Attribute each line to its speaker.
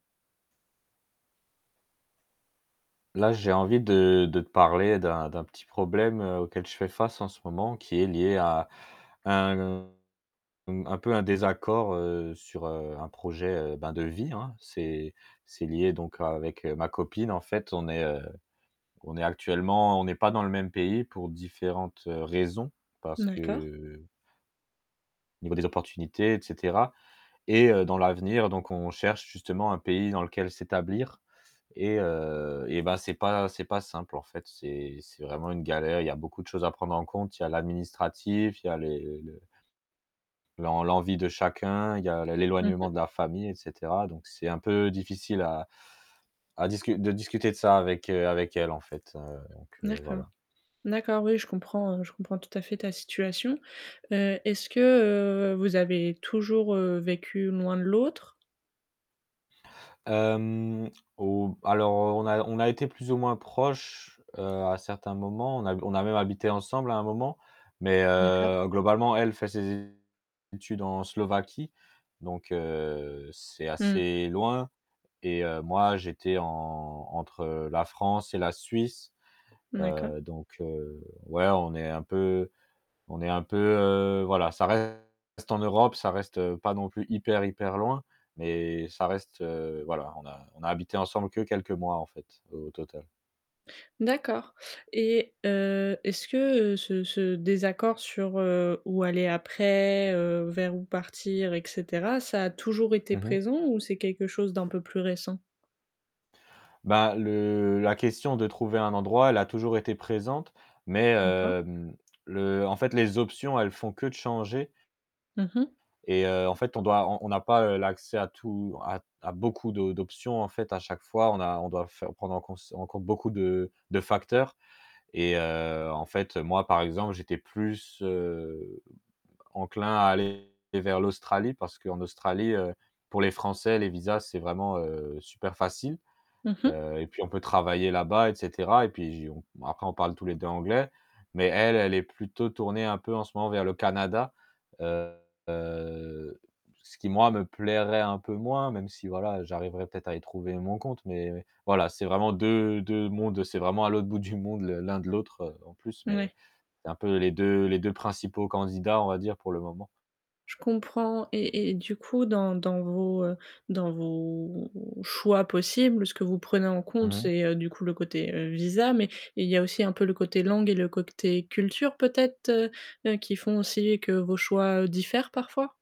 Speaker 1: Là, j'ai envie de de parler d'un d'un petit problème auquel je fais face en ce moment qui est lié à un un peu un désaccord, heu, sur, heu, un projet, heu, ben, de vie, hein. C'est c'est lié donc avec ma copine en fait, on est, heu, on est actuellement on n'est pas dans le même pays pour différentes raisons parce
Speaker 2: D'accord.
Speaker 1: que au niveau des opportunités, et cetera, et heu, dans l'avenir donc on cherche justement un pays dans lequel s'établir et heu et bah, c'est pas c'est pas simple en fait, c'est c'est vraiment une galère, il y a beaucoup de choses à prendre en compte, il y a l'administratif, il y a les le l'en l'envie de chacun, il y a la
Speaker 2: Mmh
Speaker 1: l'éloignement
Speaker 2: mh.
Speaker 1: de la famille, et cetera donc c'est un peu difficile à à discu de discuter de ça avec avec elle en fait, heu, donc voilà.
Speaker 2: D'accord, d'accord oui je comprends, heu, je comprends tout à fait ta situation. Heu, est-ce que, heu, vous avez toujours, heu, vécu loin de l'autre?
Speaker 1: Hem, ou alors on a on a été plus ou moins proches, heu, à certains moments, on a on a même habité ensemble à un moment, mais
Speaker 2: D'accord.
Speaker 1: heu, globalement elle fait ses études en Slovaquie, donc heu, c'est
Speaker 2: Mmh.
Speaker 1: assez loin. Et heu, moi, j'étais en entre, heu, la France et la Suisse,
Speaker 2: D'accord.
Speaker 1: heu, donc, heu, ouais, on est un peu on est un peu, heu, voilà, ça reste en Europe, ça reste, heu, pas non plus hyper hyper loin, mais ça reste, heu, voilà, on a on a habité ensemble que quelques mois, en fait, au total.
Speaker 2: D'accord. Et heu, est-ce que, heu, ce ce désaccord sur, heu, où aller après, heu, vers où partir, et cetera, ça a toujours été
Speaker 1: Mmh mh.
Speaker 2: présent ou c'est quelque chose d'un peu plus récent?
Speaker 1: Ben, le la question de trouver un endroit, elle a toujours été présente, mais,
Speaker 2: D'accord.
Speaker 1: hem, le en fait les options, elles font que de changer
Speaker 2: Mmh mh.
Speaker 1: et heu, en fait on doit on on n'a pas, heu, l'accès à tout à t à beaucoup de d'options en fait à chaque fois, on a on doit faire prendre en cons en compte beaucoup de de facteurs et heu, en fait, moi par exemple, j'étais plus, heu, enclin à aller vers l'Australie parce qu'en Australie, heu, pour les français, les visas, c'est vraiment, heu, super facile.
Speaker 2: Mmh mh.
Speaker 1: Heu et puis on peut travailler là-bas, et cetera, et puis j on après on parle tous les 2 anglais, mais elle, elle est plutôt tournée un peu en ce moment vers le Canada, heu, ce qui moi me plairait un peu moins même si voilà, j'arriverai peut-être à y trouver mon compte, mais voilà, c'est vraiment deux deux mondes c'est vraiment à l'autre bout du monde le l'un de l'autre, heu, en plus, mais
Speaker 2: Mouais.
Speaker 1: c'est un peu les 2 les 2 principaux candidats on va dire, pour le moment.
Speaker 2: Je comprends et et du coup dans dans vos, heu, dans vos choix possibles, ce que vous prenez en compte
Speaker 1: Mmh.
Speaker 2: c'est, heu, du coup le côté visa mais il y a aussi un peu le côté langue et le côté culture peut-être, heu heu, qui font aussi que vos choix diffèrent parfois?